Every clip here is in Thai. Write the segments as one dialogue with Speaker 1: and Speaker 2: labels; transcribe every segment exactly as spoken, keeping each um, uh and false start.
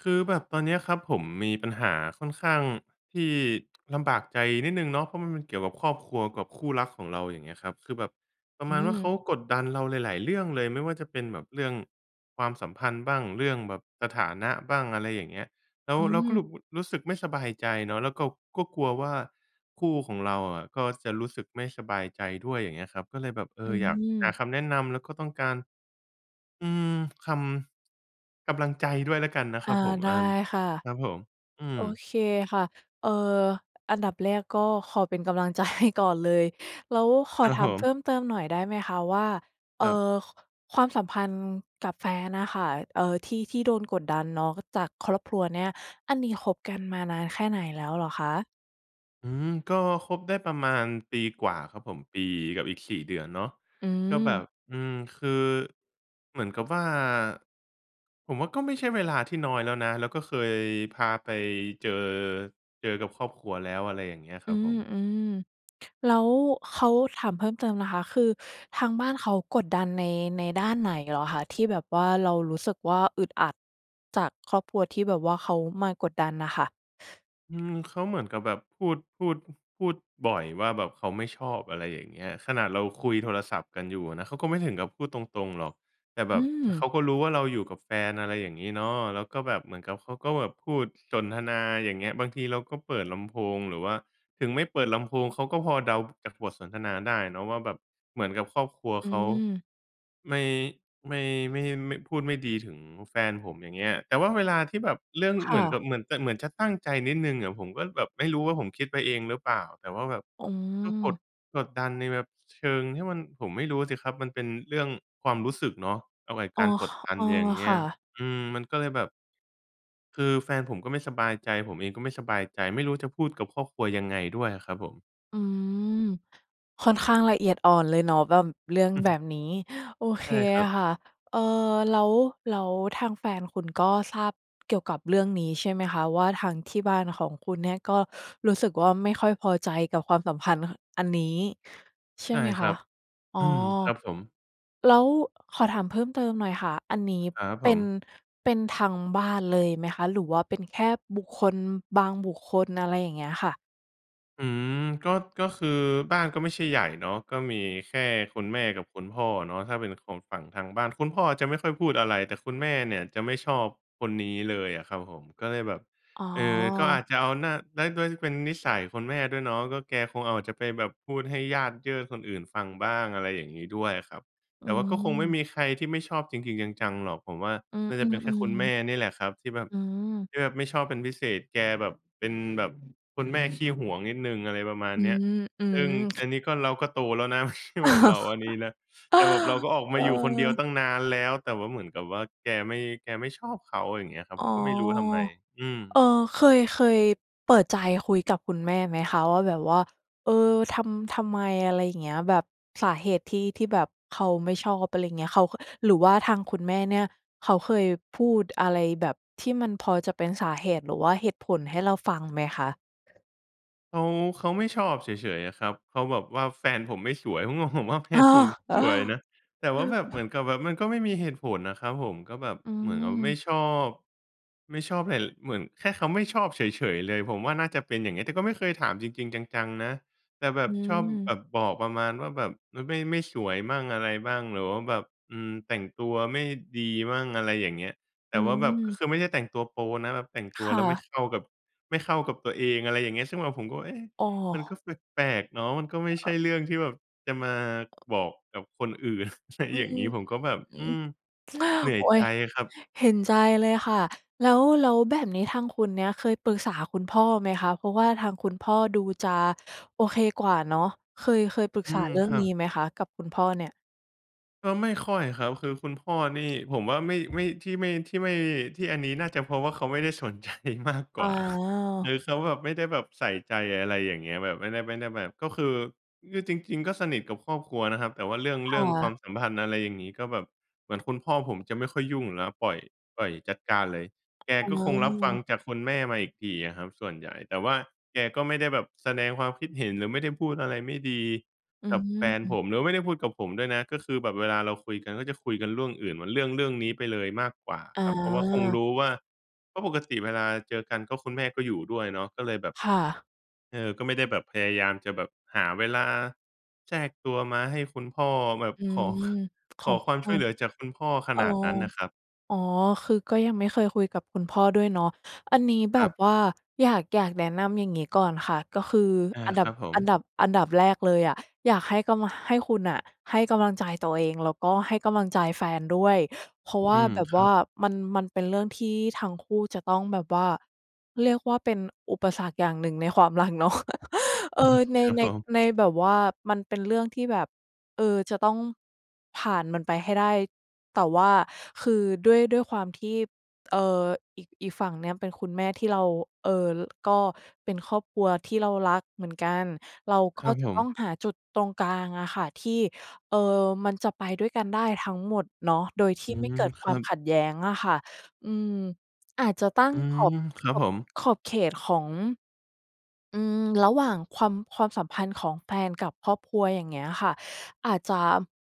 Speaker 1: คือแบบตอนเนี้ยครับผมมีปัญหาค่อนข้างที่ลำบากใจนิดหนึ่งเนาะ เพราะมัน มันเกี่ยวกับครอบครัว กับคู่รักของเรา อย่างเงี้ยครับ คือแบบปร
Speaker 2: อ
Speaker 1: ะ
Speaker 2: ื
Speaker 1: มาณว่า เขา
Speaker 2: ม
Speaker 1: กดดันเราหลาย ๆ เรื่องเลย ไม่ว่าจะเป็นแบบเรื่องความสัมพันธ์บ้าง เรื่องแบบสถานะบ้าง อะไรอย่างเงี้ย แล้
Speaker 2: อ
Speaker 1: วเราก็ร
Speaker 2: ืม
Speaker 1: ู้ บ รู้สึกไม่สบายใจเนาะ แล้วเราก็ ก็กลัวว่าคู่ของเราอะก็จะรู้สึกไม่สบายใจด้วย อย่างเงี้ยครับ ก็เลยแบบ เอ
Speaker 2: อื
Speaker 1: อ อยากหา
Speaker 2: ม
Speaker 1: คำแนะนำ แล้วก็ต้องการ อืม คำ กำลังใจด้วยแล้วกันนะค
Speaker 2: อ
Speaker 1: ร
Speaker 2: า
Speaker 1: ับผม
Speaker 2: ได
Speaker 1: อ
Speaker 2: ้
Speaker 1: า
Speaker 2: ค่ะ
Speaker 1: ครับผม อื
Speaker 2: โอ
Speaker 1: ม
Speaker 2: เคค่ะ เอ่อ อันดับแรกก็ขอเป็นกำลัง ใจ ให้ก่อนเลย แล้วข
Speaker 1: ค
Speaker 2: อ
Speaker 1: รั
Speaker 2: ถ
Speaker 1: บ
Speaker 2: า
Speaker 1: ผ
Speaker 2: มเ
Speaker 1: ม
Speaker 2: พิ่มเติมหน่อยได้ไหมคะว่า เอ
Speaker 1: ค
Speaker 2: ่อ
Speaker 1: รับ
Speaker 2: ค ความสัมพันธ์กับแฟนน่ะค่ะ เอ่อ ที่ ที่โดนกดดันเนาะจากครอบครัวเนี่ย อันนี้คบกันมานานแค่ไหนแล้วเหรอคะ?
Speaker 1: อืม ก็คบได้ประมาณปีกว่าครับผม ปีกับอีก สี่ เดือนเนาะ
Speaker 2: อื
Speaker 1: ก็แบ
Speaker 2: ม
Speaker 1: บ อืม คือเหมือนกับว่า ผมว่าก็ไม่ใช่เวลาที่น้อยแล้วนะ แล้วก็เคยพาไปเจอ เจอกับครอบครัวแล้ว อะไรอย่างเงี้ย
Speaker 2: อ
Speaker 1: ค
Speaker 2: ื
Speaker 1: รับผม
Speaker 2: ม ๆ แล้วเขา ถามเพิ่มเติมนะคะ คือทางบ้านเขากดดันใน ในด้านไหนเหรอคะ ที่แบบว่าเรารู้สึกว่า อึดอัดจากครอบครัวที่แบบว่าเขามากดดันน่ะค่ะ?
Speaker 1: อืม เขาเหมือนกับแบบพูด พูด อ พูดบ่อยว่าแบบเขาไม่ชอบ อะไรอย่างเงี้ย ขนาดเราคุยโทรศัพท์กันอยู่อะนะ เขาก็ไม่ถึงกับพูดตรง ๆ หรอก แต่แ
Speaker 2: อ
Speaker 1: บ
Speaker 2: ื
Speaker 1: บ ล
Speaker 2: ม
Speaker 1: เขาก็รู้ว่าเราอยู่กับแฟน อะไรอย่างงี้เนาะ แล้วก็แบบเหมือนกับเขาก็แบบพูด สนทนา อย่างเงี้ย บางทีเราก็เปิดลำโพง หรือว่าถึงไม่เปิดลำโพงเขาก็พอเดา บ จากบทสนทนาได้เนาะว่าแบบเหมือนกับครอบครัว
Speaker 2: อื
Speaker 1: เขา
Speaker 2: ม
Speaker 1: ไม่ ไม่ ไม่ ไม่ พูดไม่ดีถึงแฟนผม อย่างเงี้ย แต่ว่าเวลาที่แบบเรื่อง
Speaker 2: ค
Speaker 1: เห
Speaker 2: ่
Speaker 1: มือนกั
Speaker 2: ะ
Speaker 1: บ เหมือนจะ เหมือนจะตั้งใจนิดหนึ่งอะ ผมก็แบบไม่รู้ว่าผมคิดไปเองหรือเปล่า แต่ว่าแบบ
Speaker 2: อื
Speaker 1: ก็กด
Speaker 2: อ
Speaker 1: กดดันในแบบเชิงที่มัน ผมไม่รู้สิครับ มันเป็นเรื่องความรู้สึกเนาะ เอาไอ้
Speaker 2: อ๋
Speaker 1: ก
Speaker 2: อ
Speaker 1: ารก
Speaker 2: ค
Speaker 1: ดดัน
Speaker 2: อ๋อ
Speaker 1: อย่างเง
Speaker 2: ค
Speaker 1: ี้
Speaker 2: ่
Speaker 1: ย
Speaker 2: ะ
Speaker 1: อืม มันก็เลยแบบ คือแฟนผมก็ไม่สบายใจ ผมเองก็ไม่สบายใจ ไม่รู้จะพูดกับครอบครัวยังไงด้วยอะครับผม
Speaker 2: อืม ค่อนข้างละเอียดอ่อนเลยเนาะแบบ เรื่อง
Speaker 1: อื
Speaker 2: แบ
Speaker 1: ม
Speaker 2: บนี้ โอเ
Speaker 1: ใ
Speaker 2: ค
Speaker 1: ช่ครับ
Speaker 2: ค่ะ เอ่อ แล้ว แล้วทางแฟนคุณก็ทราบเกี่ยวกับเรื่องนี้ใช่ไหมคะ ว่าทางที่บ้านของคุณเนี่ยก็รู้สึกว่า ไม่ค่อยพอใจกับความสัมพันธ์ ค อันนี้ ใช
Speaker 1: ใ
Speaker 2: ่
Speaker 1: ช่
Speaker 2: ไหม
Speaker 1: ค
Speaker 2: ค
Speaker 1: รั
Speaker 2: ะ?
Speaker 1: บ
Speaker 2: อ๋อ
Speaker 1: อืม ครับผม
Speaker 2: แล้วขอถามเพิ่มเติมหน่อยค่ะ อันนี้
Speaker 1: ครับ
Speaker 2: เป
Speaker 1: ผ
Speaker 2: ็น
Speaker 1: ม
Speaker 2: เป็นทั้งบ้านเลยไหมคะ หรือว่าเป็นแค่บุคคลบางบุคคล อะไรอย่างเงี้ยค่ะ?
Speaker 1: อืม ก็ ก็คือบ้านก็ไม่ใช่ใหญ่เนาะ ก็มีแค่คุณแม่กับคุณพ่อเนาะ ถ้าเป็นของฝั่งทางบ้าน คุณพ่ออะจะไม่ค่อยพูดอะไร แต่คุณแม่เนี่ยจะไม่ชอบคนนี้เลยอะครับผม ก็เลยแบบ
Speaker 2: อ๋อ
Speaker 1: เอ่อ ก็อาจจะเอาหน้า ได้ ด้วยเป็นนิสัยคุณแม่ด้วยเนาะ ก็แกคงอาจจะไปแบบพูดให้ญาติเยิดคนอื่นฟังบ้าง อะไรอย่างงี้ด้วยอะครับ
Speaker 2: อ
Speaker 1: แต่
Speaker 2: ื
Speaker 1: ว่าก็คงไม่
Speaker 2: ม
Speaker 1: มีใครที่ไม่ชอบจริง ๆ จัง ๆ หรอก ผมว่า
Speaker 2: อืม
Speaker 1: น่าจะเป็นแค่คุณแม่
Speaker 2: ๆ
Speaker 1: นี่แหละครับที่แบ
Speaker 2: ๆ
Speaker 1: บ
Speaker 2: อืม
Speaker 1: ที่แบบไม่ชอบเป็นพิเศษ แกแบบ เป็นแบบคุณแม่ขี้หวงนิดหนึ่ง อะไรประมาณ
Speaker 2: อื
Speaker 1: เนี้ย
Speaker 2: ม อื
Speaker 1: ซึ่
Speaker 2: ม
Speaker 1: ง
Speaker 2: ค
Speaker 1: อันนี้ก็เราก็โตแล้วนะ ไม่ใช่แบบเราอันนี้นะ แต่แบบเราก็ออกมาอยู่คนเดียว
Speaker 2: เออ
Speaker 1: ตั้งนานแล้ว แต่ว่าเหมือนกับว่าแกไม่ แกไม่ชอบเขา อะไรอย่างเงี้ยครับ
Speaker 2: อ๋
Speaker 1: ผ
Speaker 2: อ
Speaker 1: มก็ไม่รู้ว่าทำไม อื
Speaker 2: เออ
Speaker 1: ม
Speaker 2: เคย เคยเปิดใจคุยกับคุณแม่ไหมคะ ว่าแบบว่า เออ ทำ ทำไม อะไรอย่างเงี้ย แบบสาเหตุที่ ที่แบบเขาไม่ชอบ อะไรอย่างเงี้ย เขา หรือว่าทางคุณแม่เนี่ยเขาเคยพูดอะไรแบบที่มันพอจะเป็นสาเหตุ หรือว่าเหตุผลให้เราฟังไหมคะ?
Speaker 1: เขา เขาไม่ชอบเฉย ๆ อะครับ เขาแบบว่าแฟนผมไม่สวย ผมก็ผมว่าแฟนผม ก็สวยนะ แต่ว่าแบบเหมือนกับแบบมันก็ไม่มีเหตุผลน่ะครับผม ก็แบบ
Speaker 2: อื
Speaker 1: เหมือนกับว่าไม
Speaker 2: ม
Speaker 1: ่ชอบ ไม่ชอบเห็น เหมือนแค่เขาไม่ชอบเฉย ๆ เลย ผมว่าน่าจะเป็นอย่างเงี้ย แต่ก็ไม่เคยถามจริง ๆ จัง ๆ นะ แต่แบ
Speaker 2: อื
Speaker 1: บชอบแ
Speaker 2: ม
Speaker 1: บบบอกประมาณว่าแบบ เออ "ไม่ ไม่สวยมั่ง อะไรบ้าง" หรือว่าแบบ อืม "แต่งตัวไม่ดีมั่ง" อะไรอย่างเงี้ย แต
Speaker 2: อื
Speaker 1: ่ว่าแบบ ก็
Speaker 2: ม
Speaker 1: คือไม่ใช่แต่งตัวโป๊นะ แบบแต่งต
Speaker 2: ค
Speaker 1: ัวแ
Speaker 2: ่
Speaker 1: ล้วไม่
Speaker 2: ะ
Speaker 1: เข้ากับ ไม่เข้ากับตัวเอง อะไรอย่างเงี้ย ซึ่งแบบผมก็ เอ๊ะ
Speaker 2: โอ
Speaker 1: มัน
Speaker 2: ้
Speaker 1: ก็แปลก ๆ เนาะ มันก็ไม่ใช่เรื่องที่แบบจะมาบอกกับคนอื่น อะไร
Speaker 2: อื
Speaker 1: อ
Speaker 2: อ
Speaker 1: ย่างงี้ ผมก็แบบ
Speaker 2: อื
Speaker 1: อื
Speaker 2: อ
Speaker 1: ม เหนื่อ
Speaker 2: โอ
Speaker 1: ย
Speaker 2: ๊
Speaker 1: ใจ
Speaker 2: ย
Speaker 1: ครับ
Speaker 2: เห็นใจเลยค่ะ แล้ว แล้วแบบนี้ทางคุณเนี้ยเคยปรึกษาคุณพ่อไหมคะ เพราะว่าทางคุณพ่อดูจะโอเคกว่าเนาะ เคย เคยปรึก
Speaker 1: อื
Speaker 2: ษา
Speaker 1: ม
Speaker 2: เรื่อ
Speaker 1: ค
Speaker 2: ง
Speaker 1: รั
Speaker 2: นี
Speaker 1: บ
Speaker 2: ้ไหมคะกับคุณ พ่อเนี่ย?
Speaker 1: ก็ไม่ค่อยครับ คือคุณพ่อนี่ผมว่าไม่ ไม่ ที่ไม่ ที่ไม่ ที่อันนี้น่าจะเพราะว่า เขาไม่ได้สน ใจมากกว่า ค
Speaker 2: อา
Speaker 1: ือเขาแบบไม่ได้แบบใส่ใจ อะไรอย่างเงี้ย แบบไม่ได้ ไม่ได้แบบ ก็คือ อือ จริง ๆ ก็สนิทกับครอบครัวนะครับ แต่ว่าเรื่อง
Speaker 2: ค
Speaker 1: เร
Speaker 2: ่
Speaker 1: ื่องควา
Speaker 2: ะ
Speaker 1: มสัมพันธ์ อะไรอย่างงี้ ก็แบบเหมือนคุณพ่อผมจะไม่ค่อยยุ่งอยู่แล้ว ปล่อย ปล่อยจัดการเลย แก
Speaker 2: อ๋
Speaker 1: ก็คงรับฟัง
Speaker 2: อ
Speaker 1: จากคุณแม่มาอีกทีอะครับส่วนใหญ่ แต่ว่าแกก็ไม่ได้แบบแสดงความคิดเห็น หรือไม่ได้พูดอะไรไม่ดี
Speaker 2: อื
Speaker 1: กับแฟนผ
Speaker 2: ม
Speaker 1: ม หรือไม่ได้พูดกับผมด้วยนะ ก็คือแบบเวลาเราคุยกันก็จะคุยกันร่วงอื่น ว เรื่อง เรื่องนี้ไปเลยมากกว่า
Speaker 2: อ
Speaker 1: ครับ เพราะว่าคง
Speaker 2: า
Speaker 1: รู้ว่า เพราะปกติเวลาเจอกัน ก็คุณแม่ก็อยู่ด้วยเนาะ ก็เลยแบบ
Speaker 2: ค่ะ
Speaker 1: เออ ก็ไม่ได้แบบพยายามจะแบบหาเวลาแทรกตัว มาให้คุณพ่อแบบ
Speaker 2: อื
Speaker 1: ขอ
Speaker 2: ม
Speaker 1: ข
Speaker 2: ข
Speaker 1: ข
Speaker 2: อ
Speaker 1: อ
Speaker 2: ง
Speaker 1: ความ
Speaker 2: เอ
Speaker 1: ช
Speaker 2: อ
Speaker 1: ่วยเหลือจากคุณพ่อข
Speaker 2: อ๋อ
Speaker 1: นาดนั้นน่ะครับ
Speaker 2: อ๋อ คือก็ยังไม่เคยคุยกับคุณพ่อด้วยเนาะ อันนี้แบ
Speaker 1: ครั
Speaker 2: บ
Speaker 1: บ
Speaker 2: ว่าอยาก อยากแนะนำอย่างงี้ก่อนค่ะ ก็คือ
Speaker 1: อา
Speaker 2: อันดั
Speaker 1: ค
Speaker 2: บ
Speaker 1: รับผ
Speaker 2: อัน
Speaker 1: ม
Speaker 2: ดับ อันดับแรกเลยอะ อยากให้กำ ให้คุณน่ะให้กำลังใจตัวเอง แล้วก็ให้กำลังใจแฟนด้วย เพราะว
Speaker 1: อื
Speaker 2: ่า
Speaker 1: ม
Speaker 2: แบบ
Speaker 1: คร
Speaker 2: ว
Speaker 1: ั
Speaker 2: ่า
Speaker 1: บ
Speaker 2: มัน มันเป็นเรื่องที่ทั้งคู่จะต้องแบบว่า เรียกว่าเป็นอุปสรรคอย่างหนึ่งในความรักเนาะ เอ
Speaker 1: อือ
Speaker 2: อ ใน
Speaker 1: ครับ
Speaker 2: ใน
Speaker 1: ผม
Speaker 2: ในแบบว่า มันเป็นเรื่องที่แบบ เอ่อ จะต้องผ่านมันไปให้ได้ แต่ว่าคือด้วย ด้วยความที่ เอ่อ อีก อีกฝั่งเนี้ยเป็นคุณแม่ที่เรา เอ่อ ล ก็เป็นครอบครัวที่เรารักเหมือนกัน เราก
Speaker 1: คร
Speaker 2: ็
Speaker 1: ับ
Speaker 2: จะ
Speaker 1: ผ
Speaker 2: ต้อง
Speaker 1: ม
Speaker 2: หาจุดตรงกลางอะค่ะ ที่ เอ่อ มันจะไปด้วยกันได้ทั้งหมดเนาะ โดยที
Speaker 1: อื
Speaker 2: ่ไม่
Speaker 1: ม
Speaker 2: เกิด
Speaker 1: ค
Speaker 2: คว
Speaker 1: ร
Speaker 2: า
Speaker 1: ั
Speaker 2: ม
Speaker 1: บ
Speaker 2: ขัดแย้งอะค่ะ อืม อาจจะตั้ง
Speaker 1: อื
Speaker 2: ข
Speaker 1: ม
Speaker 2: อบ
Speaker 1: คร
Speaker 2: ข
Speaker 1: ับ
Speaker 2: อ
Speaker 1: ผ
Speaker 2: บ
Speaker 1: ม
Speaker 2: ขอบเขตของ อืม ระหว่างความ ความสัมพันธ์ของแฟนกับครอบครัว อย่างเงี้ยค่ะ อาจจะ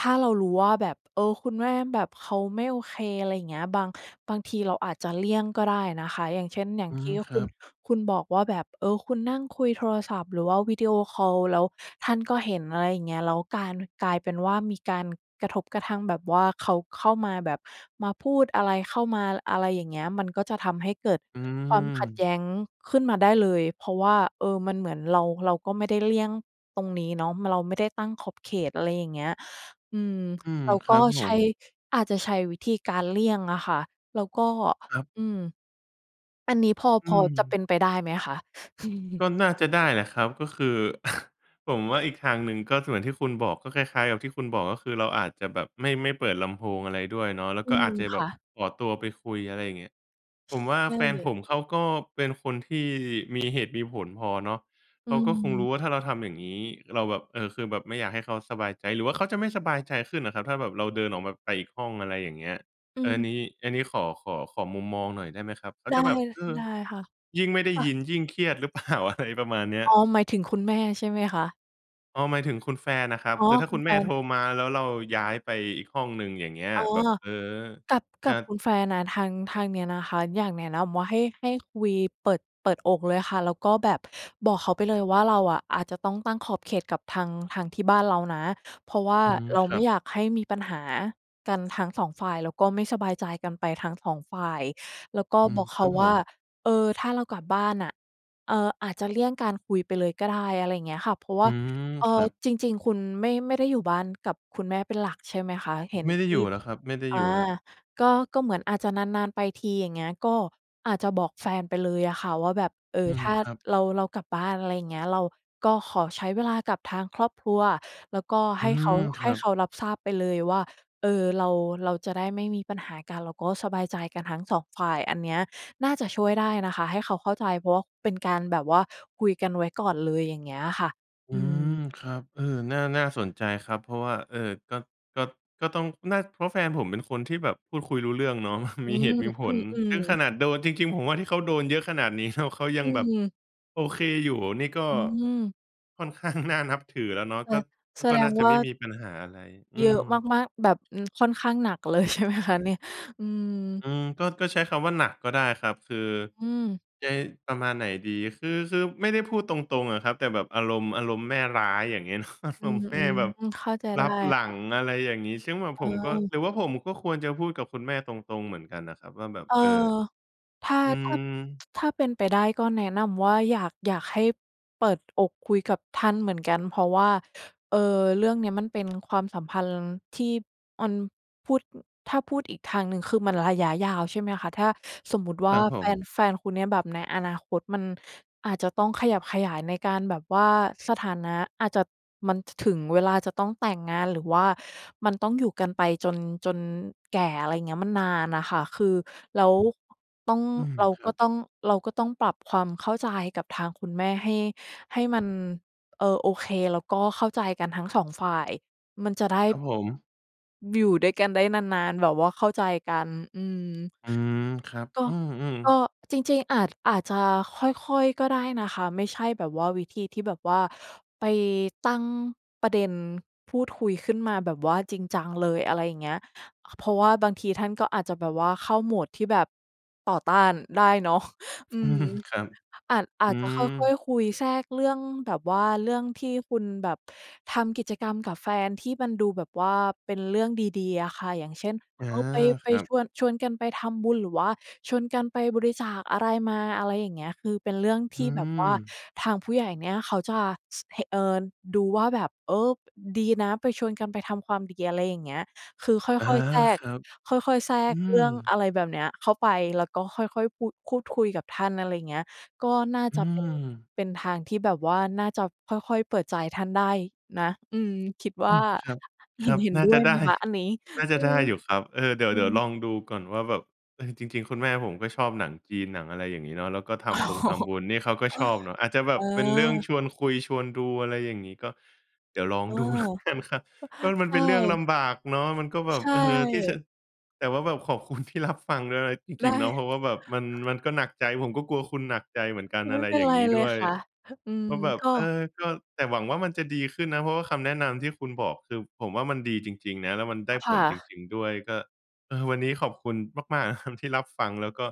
Speaker 2: ถ้าเรารู้ว่าแบบ เออ คุณแม่แบบเขาไม่โอเค อะไรอย่างเงี้ย บาง บางทีเราอาจจะเลี่ยงก็ได้นะคะ อย่างเช่น อย่า
Speaker 1: อ
Speaker 2: ง
Speaker 1: ื
Speaker 2: ท
Speaker 1: ม
Speaker 2: ี่
Speaker 1: ค
Speaker 2: ค
Speaker 1: รั
Speaker 2: ุณ
Speaker 1: บ
Speaker 2: คุณบอกว่าแบบ เออ คุณนั่งคุยโทรศัพท์ หรือว่าวิดีโอคอลแล้วท่านก็เห็น อะไรอย่างเงี้ย แล้วการ กลายเป็นว่ามีการกระทบกระทั่งแบบว่าเขาเข้ามาแบบมาพูดอะไร เข้ามา อะไรอย่างเงี้ย มันก็จะทำให้เกิด
Speaker 1: อื
Speaker 2: ความขัดแย
Speaker 1: ม
Speaker 2: ้งขึ้นมาได้เลย เพราะว่า เออ มันเหมือนเรา เราก็ไม่ได้เลี่ยงตรงนี้เนาะ ม เราไม่ได้ตั้งขอบเขต อะไรอย่างเงี้ย อืม
Speaker 1: อืม
Speaker 2: เรา
Speaker 1: ค
Speaker 2: ก
Speaker 1: ร
Speaker 2: ็
Speaker 1: ับผ
Speaker 2: ใช้
Speaker 1: ม
Speaker 2: อาจจะใช้วิธีการเลี่ยงอะค่ะ แล้วก็
Speaker 1: ครับ
Speaker 2: อืม อันนี้พอ
Speaker 1: อ
Speaker 2: พ
Speaker 1: ื
Speaker 2: อจะเป็
Speaker 1: ม
Speaker 2: นไปได้ไหมคะ?
Speaker 1: ก็น่าจะได้แหละครับ ก็คือ ผมว่าอีกทางหนึ่งก็ ท เหมือนที่คุณบอก ก็คล้าย ๆ กับที่คุณบอก ก็คือเราอาจจะแบบไม่ ไม่เปิดลำโพงอะไรด้วยเนาะ แล้ว
Speaker 2: อื
Speaker 1: ก็อ
Speaker 2: ม
Speaker 1: าจจะ
Speaker 2: ค
Speaker 1: แบ
Speaker 2: ่
Speaker 1: บ
Speaker 2: ะ
Speaker 1: ขอตัวไปคุย อะไรอย่างเงี้ย ผมว่า
Speaker 2: นั
Speaker 1: แ
Speaker 2: ่
Speaker 1: ฟ
Speaker 2: น
Speaker 1: น
Speaker 2: สิ
Speaker 1: ผมเขาก็เป็นคนที่มีเหตุมีผลพอเนาะ
Speaker 2: อ
Speaker 1: เ
Speaker 2: ื
Speaker 1: ขาก็คงร
Speaker 2: ม
Speaker 1: ู้ว่าถ้าเราทำอย่างงี้ เราแบบ เอ่อ คือแบบไม่อยากให้เขาสบายใจ หรือว่าเขาจะไม่สบายใจขึ้นอะครับ ถ้าแบบเราเดินออก แบบไปอีกห้อง อะไรอย่างเงี้ย
Speaker 2: อื
Speaker 1: เออ อันน
Speaker 2: ม
Speaker 1: ี้ อันนี้ขอ ขอ ขอมุมมองหน่อยได้ไหมครับ? เขา
Speaker 2: ได้
Speaker 1: จะแบบ
Speaker 2: ล
Speaker 1: เออ
Speaker 2: ได้ค่ะ
Speaker 1: ยิ่งไม่ได้ย
Speaker 2: อ
Speaker 1: ิน ยิ่งเครียดหรือ เปล่า? อะ ไรประมาณเนี้ย
Speaker 2: อ๋อ หมายถึงคุณแม่ใช่ไหมคะ?
Speaker 1: อ๋อ หมายถึงคุณแฟนอะครับ
Speaker 2: อ๋อ
Speaker 1: คือถ้า
Speaker 2: คุ
Speaker 1: ค
Speaker 2: ณ
Speaker 1: ุณ
Speaker 2: แ
Speaker 1: แ
Speaker 2: ฟ
Speaker 1: ม่โท
Speaker 2: น
Speaker 1: รมาแล้วเราย้ายไปอีกห้องหนึ่ง อย่างเงี้ย
Speaker 2: อ๋อ
Speaker 1: แบบ เอ่อ
Speaker 2: กับ
Speaker 1: จ
Speaker 2: ก
Speaker 1: ะ
Speaker 2: ับคุณแฟนนะ ทาง ทางเนี้ยนะคะ อยากแนะนำว่าให้ ให้คุยเปิด เปิดอกเลยค่ะ แล้วก็แบบบอกเขาไปเลยว่าเราอะอาจจะต้องตั้งขอบเขตกับทาง ทางที่บ้านเรานะ เพราะว่า
Speaker 1: อืม
Speaker 2: เรา
Speaker 1: คร
Speaker 2: ไม
Speaker 1: ั
Speaker 2: ่
Speaker 1: บ
Speaker 2: อยากให้มีปัญหากันทั้ง สอง ฝ่าย แล้วก็ไม่สบายใจกันไปทั้ง สอง ฝ่าย แล้วก็
Speaker 1: อื
Speaker 2: บ
Speaker 1: ม
Speaker 2: อก
Speaker 1: ค
Speaker 2: เข
Speaker 1: ร
Speaker 2: า
Speaker 1: ับผ
Speaker 2: ว่า
Speaker 1: ม
Speaker 2: เออ ถ้าเรากลับบ้านน่ะ เออ อาจจะเลี่ยงการคุยไปเลยก็ได้ อะไรอย่างเงี้ยค่ะ เพราะว
Speaker 1: อ
Speaker 2: ่
Speaker 1: ื
Speaker 2: า
Speaker 1: ม
Speaker 2: เออ
Speaker 1: ครับ
Speaker 2: จริง ๆ คุณไม่ ไม่ได้อยู่บ้านกับคุณแม่เป็นหลักใช่ไหมคะ
Speaker 1: อ
Speaker 2: เห็น
Speaker 1: ไม่ได
Speaker 2: ท
Speaker 1: ้อย
Speaker 2: ี่
Speaker 1: ู่แล้วครับ ไม่ได้
Speaker 2: อา
Speaker 1: อยู่แล้ว
Speaker 2: ก็ ก็เหมือนอาจจะนาน ๆ ไปที อย่างเงี้ย ก็อาจจะบอกแฟนไปเลยอะค่ะว่าแบบ เอ
Speaker 1: อื
Speaker 2: อ ถ
Speaker 1: ม
Speaker 2: ้า
Speaker 1: ครับ
Speaker 2: เรา เรากลับบ้าน อะไรอย่างเงี้ย เราก็ขอใช้เวลากับทางครอบครัว แล้วก็
Speaker 1: อื
Speaker 2: ให้เข
Speaker 1: ม
Speaker 2: า
Speaker 1: ค
Speaker 2: ให
Speaker 1: ร
Speaker 2: ้
Speaker 1: ับ
Speaker 2: เขารับทราบไปเลยว่า เออ เรา เราจะได้ไม่มีปัญหากัน เราก็สบายใจกันทั้ง สอง ฝ่าย อันเนี้ยน่าจะช่วยได้นะคะ ให้เขาเข้าใจ เพราะว่าเป็นการแบบว่าคุยกันไว้ก่อนเลย อย่างเงี้ยค่ะ
Speaker 1: อ
Speaker 2: อ
Speaker 1: ื
Speaker 2: ื
Speaker 1: ม
Speaker 2: ม
Speaker 1: ครับ เออ น่า น่าสนใจครับ เพราะว่า เอ่อ ก็ ก็ ก็ต้อง น่า เพราะแฟนผมเป็นคนที่แบบพูดคุยรู้เรื่องเนาะ
Speaker 2: อื
Speaker 1: มีเห
Speaker 2: ม
Speaker 1: ตุมีผ
Speaker 2: อื
Speaker 1: ล ซ
Speaker 2: อ
Speaker 1: ึ่งข
Speaker 2: ๆ
Speaker 1: นาดโดน จริง ๆ ผมว่าที่เขาโดนเยอะขนาดนี้ แล้วเขา
Speaker 2: อ
Speaker 1: ยั
Speaker 2: ื
Speaker 1: งแบบ
Speaker 2: ม
Speaker 1: โอเคอยู่นี่ก็
Speaker 2: อืม
Speaker 1: ค่อน ข้าง น่านับถือแล้วเนาะ
Speaker 2: เออ
Speaker 1: ก็ ก็
Speaker 2: แส
Speaker 1: ก็
Speaker 2: ด
Speaker 1: น่
Speaker 2: ง
Speaker 1: าจะ
Speaker 2: ว่
Speaker 1: ไ
Speaker 2: า
Speaker 1: ม่มีปัญหาอะไร อื
Speaker 2: เยอะ
Speaker 1: ม
Speaker 2: มาก ๆ แบบ อืม ค่อนข้างหนัก เลย ใช่ไหมคะเนี่ย? อืม
Speaker 1: อืม ก็ ก็ใช้คำว่าหนักก็ได้ครับ คือ
Speaker 2: อืม
Speaker 1: ใช้ ประมาณไหนดี คือ คือไม่ได้พูดตรง ๆ อะครับ แต่แบบอารมณ์ อารมณ์แม่ร้าย อย่างเงี้ย เนาะ อา
Speaker 2: อื
Speaker 1: รมณ์ แม่
Speaker 2: ม
Speaker 1: แบบ
Speaker 2: ๆ เข้าใจ
Speaker 1: ล
Speaker 2: ได
Speaker 1: ั
Speaker 2: ้
Speaker 1: บห
Speaker 2: อ
Speaker 1: ล
Speaker 2: ะ
Speaker 1: ั
Speaker 2: ค่ะ
Speaker 1: ง อะไรอย่างงี้ ซึ่งแบบ
Speaker 2: เ
Speaker 1: ผมก็
Speaker 2: ออ
Speaker 1: หรือว่าผมก็ควรจะพูดกับคุณแม่ตรง ๆ เหมือนกันอะครับ ว่าแบบ
Speaker 2: เออ
Speaker 1: เออ
Speaker 2: ถ้า
Speaker 1: อื
Speaker 2: ถ้า
Speaker 1: ม
Speaker 2: ถ้าเป็นไปได้ก็แนะนำว่า อยาก อยากให้เปิดอกคุยกับท่านเหมือนกัน เพราะว่า เออ เรื่องเนี้ยมันเป็นความสัมพันธ์ที่มันพูด อ ถ้าพูดอีกทางหนึ่งคือมันระยะยาว ใช่ไหมคะ ถ้าสมมุติว่
Speaker 1: ค
Speaker 2: า
Speaker 1: รับผ
Speaker 2: แฟน
Speaker 1: ม
Speaker 2: แฟนคุณเนี่ย แบบในอนาคตมันอาจจะต้องขยับขยายในการแบบว่า สถานะอาจจะ มัน จ ถึงเวลาจะต้องแต่งงาน หรือว่ามันต้องอยู่กันไปจน จนแก่ อะไรอย่างเงี้ย มันนานอะค่ะ คือแล้ว ต้อง
Speaker 1: อืม
Speaker 2: เรา
Speaker 1: คร
Speaker 2: ก
Speaker 1: ั
Speaker 2: ็
Speaker 1: บ
Speaker 2: ต้อง เราก็ต้องปรับความเข้าใจกับทางคุณแม่ให้ ให้มัน เออ โอเค แล้วก็เข้าใจกันทั้ง สอง ฝ่าย มันจะได้
Speaker 1: ครับผม
Speaker 2: อยู่ด้วยกันได้นาน ๆ แบบว่าเข้าใจกัน อืม
Speaker 1: อืม ครับ
Speaker 2: ก็
Speaker 1: อืม
Speaker 2: ก
Speaker 1: ๆ
Speaker 2: ็ จริง ๆ อาจ อาจจะค่อย ๆ ก็ได้นะคะ ไม่ใช่แบบว่าวิธีที่แบบว่าไปตั้งประเด็นพูดคุยขึ้นมาแบบว่าจริงจังเลย อะไรอย่างเงี้ย ค เพราะว่าบางทีท่านก็อาจจะแบบว่าเข้าโหมดที่แบบต่อต้านได้เนาะ อื
Speaker 1: อื
Speaker 2: ม
Speaker 1: ม ครับ
Speaker 2: อาจ อ
Speaker 1: อ
Speaker 2: า
Speaker 1: ื
Speaker 2: จจะค่อย
Speaker 1: ม
Speaker 2: ๆ คุยแทรกเรื่องแบบว่า เรื่องที่คุณแบบทำกิจกรรมกับแฟนที่มันดูแบบว่าเป็นเรื่องดี ๆ อะค่ะ อย่างเช่น
Speaker 1: อา
Speaker 2: เออ ไป ไป
Speaker 1: ครับ
Speaker 2: ชวน ชวนกันไปทำบุญ หรือว่าชวนกันไปบริจาคอะไรมา อะไรอย่างเงี้ย คือเป็นเรื่องท
Speaker 1: อื
Speaker 2: ี่แบบว่า
Speaker 1: ม
Speaker 2: ทางผู้ใหญ่เนี่ยเขาจะ ซ ห เออ ดูว่าแบบ เออ บ ดีนะ ไปชวนกันไปทำความดี อะไรอย่างเงี้ย คือค่
Speaker 1: อา
Speaker 2: อย ๆ แทร
Speaker 1: ค
Speaker 2: ก
Speaker 1: รับ
Speaker 2: ค่อย ๆ แทร
Speaker 1: อื
Speaker 2: กเรื่อง อ
Speaker 1: ม
Speaker 2: ะไรแบบเนี้ย เข้าไป แล้วก็ค่อย ๆ พูด พูดคุยกับท่าน อะไรอย่างเงี้ย ก็น่า
Speaker 1: อื
Speaker 2: จะเป็น
Speaker 1: ม
Speaker 2: เป็นทางที่แบบว่าน่าจะค่อย ๆ เปิดใจท่านได้นะ อืม คิดว
Speaker 1: อ
Speaker 2: ่
Speaker 1: ื
Speaker 2: า
Speaker 1: ม ครับ
Speaker 2: เห
Speaker 1: ค
Speaker 2: ็
Speaker 1: ร
Speaker 2: น
Speaker 1: ับ
Speaker 2: เห็น
Speaker 1: น่า
Speaker 2: ด้
Speaker 1: จ
Speaker 2: ว
Speaker 1: ะ
Speaker 2: ย
Speaker 1: ไ
Speaker 2: ไ
Speaker 1: ด
Speaker 2: หม
Speaker 1: ้
Speaker 2: คะอันนี้?
Speaker 1: น่าจ
Speaker 2: อื
Speaker 1: ะได้
Speaker 2: ม
Speaker 1: อยู่ครับ เออ เดี๋ย
Speaker 2: อ
Speaker 1: ว
Speaker 2: ื
Speaker 1: เดี๋ยวล
Speaker 2: ม
Speaker 1: องดูก่อนว่าแบบ เออ จริง ๆ คุณแม่ผมก็ชอบหนังจีน หนังอะไรอย่างงี้เนาะ แล้วก็ท
Speaker 2: โอ้
Speaker 1: ำบ
Speaker 2: โ
Speaker 1: ง
Speaker 2: ฮ
Speaker 1: ทำบุญ นี่เขาก็ชอบเนาะ อาจจะแบ
Speaker 2: เออ
Speaker 1: บเป็
Speaker 2: เ
Speaker 1: นเรื่อง
Speaker 2: ออ
Speaker 1: ชวนคุย ชวนดู อะไรอย่างงี้ ก็เดี๋ยวลอง
Speaker 2: เออ
Speaker 1: ดู
Speaker 2: ฮ
Speaker 1: แล้วกันครับ ก็มั
Speaker 2: ใ
Speaker 1: น
Speaker 2: ช
Speaker 1: เ
Speaker 2: ่
Speaker 1: ป็นเรื่องลำบากเนาะ มันก็แบ
Speaker 2: ใช
Speaker 1: บ เออ ที่จะ
Speaker 2: ่
Speaker 1: แต่ว่าแบบขอบ คุณ ที่รับฟังด้วยนะ จ
Speaker 2: ไ
Speaker 1: ริง ๆ เนาะ
Speaker 2: ด
Speaker 1: เพร
Speaker 2: ้
Speaker 1: าะว่าแบบมัน มันก็หนักใจ ผมก็กลัวคุณหนักใจเหมือนกัน
Speaker 2: ไม
Speaker 1: อะ
Speaker 2: ่
Speaker 1: ไร
Speaker 2: เป็
Speaker 1: อ
Speaker 2: น
Speaker 1: ย่า
Speaker 2: ไ
Speaker 1: ง
Speaker 2: ร
Speaker 1: งี้
Speaker 2: เล
Speaker 1: ด
Speaker 2: ย
Speaker 1: ้วย
Speaker 2: ค่ะ ฮ อืม
Speaker 1: ก็แบบ
Speaker 2: ก็
Speaker 1: เออ ก็ แต่หวังว่ามันจะดีขึ้นนะ เพราะว่าคำแนะนำที่คุณบอกคือผมว่ามันดีจริง ๆ นะ แล้วมันได้
Speaker 2: ค
Speaker 1: ผ
Speaker 2: ่
Speaker 1: ลจ
Speaker 2: ะ
Speaker 1: ริง ๆ ด้วย ก็ เออ วันนี้ขอบคุณมาก ๆ นะครับที่รับฟัง แล้วก็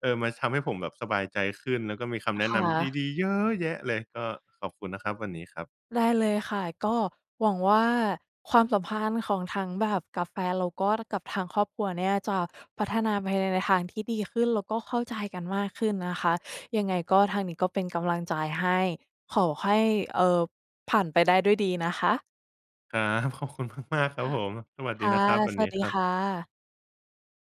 Speaker 1: เออ มันทำให้ผมแบบสบายใจขึ้น แล้วก็มีคำแน
Speaker 2: ค
Speaker 1: ะน
Speaker 2: ่ะ
Speaker 1: ำดี ๆ เยอะแยะเลย ก็ขอบคุณนะครับวันนี้ครับ
Speaker 2: ได้เลยค่ะ ก็หวังว่าความสัมพันธ์ของทั้งแบบกับแฟน แล้วก็ ด กับทางครอบครัวเนี่ยจะพัฒนาไปในทางที่ดีขึ้น แล้วก็เข้าใจกันมากขึ้นนะคะ ยังไงก็ทางนี้ก็เป็นกำลังใจให้ ขอให้ เอ่อ ผ่านไปได้ด้วยดีนะคะ
Speaker 1: ครับ ขอบคุณ มาก ๆ ครับผม สวัส
Speaker 2: ค
Speaker 1: ดี
Speaker 2: ่ะ
Speaker 1: นะครับ วั
Speaker 2: ส
Speaker 1: น
Speaker 2: ว
Speaker 1: นี
Speaker 2: ั
Speaker 1: ้
Speaker 2: สดี
Speaker 1: ครั
Speaker 2: ค
Speaker 1: บ
Speaker 2: ่ะ